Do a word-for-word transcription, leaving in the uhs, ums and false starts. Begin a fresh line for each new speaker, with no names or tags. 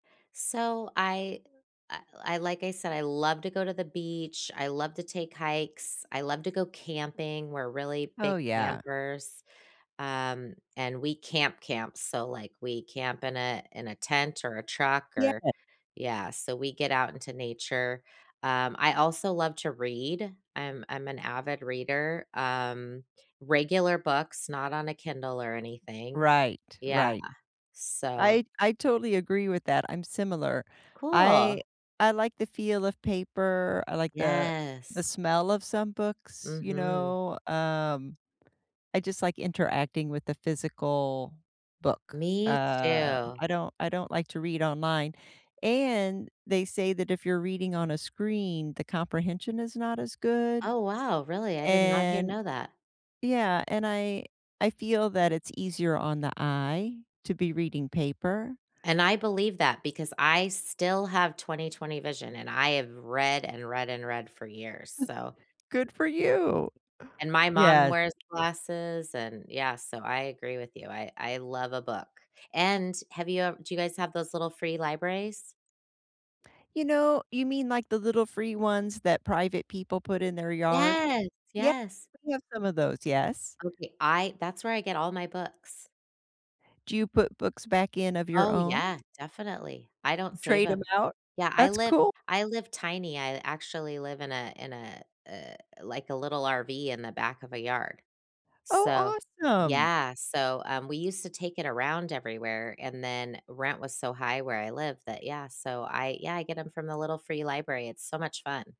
So, I I I like I said, I love to go to the beach, I love to take hikes, I love to go camping. We're really
Oh,
big
yeah.
campers, um, and we camp, camp. So, like, we camp in a in a tent or a truck or,
Yeah.
yeah, so we get out into nature. Um, I also love to read. I'm I'm an avid reader, um, regular books, not on a Kindle or anything.
Right,
Yeah.
right.
So
I I totally agree with that, I'm similar,
Cool.
I I like the feel of paper. I like the the
Yes.
smell of some books, you
Mhm.
know, um, I just like interacting with a physical book.
Me
Uh,
too.
I don't I don't like to read online, and they say, that if you're reading on a screen, the comprehension is not as good,
Oh, wow, really, I did not hear
and,
know that.
yeah, and I I feel that it's easier on the eye to be reading paper.
And I believe that because I still have twenty-twenty, vision, and I have read, and read, and read for years, so
Good for you.
And my mom
Yes.
wears glasses and Yeah, so I agree with you. I I love a book, and have you ev Do you guys have those little free libraries?
You know, you mean, like, the little free ones that private people put in their yard?
Yes!
Yeah,
Yes.
we have some of those. Yes.
Okay. I That's where I get all my books.
Do you put books back in of your
Oh,
own?
yeah. Definitely. I don't save
Trade 'em
'em.
out?
Yeah, I
That's
live
cool.
I live tiny. I actually live in a in a, eh, like, a little RV in the back of a yard. So,
Oh, awesome.
yeah. So, um, we used to take it around everywhere, and then rent was so high where I live that Yeah, so I Yeah, I get ‘em from the little free library. It's so much fun.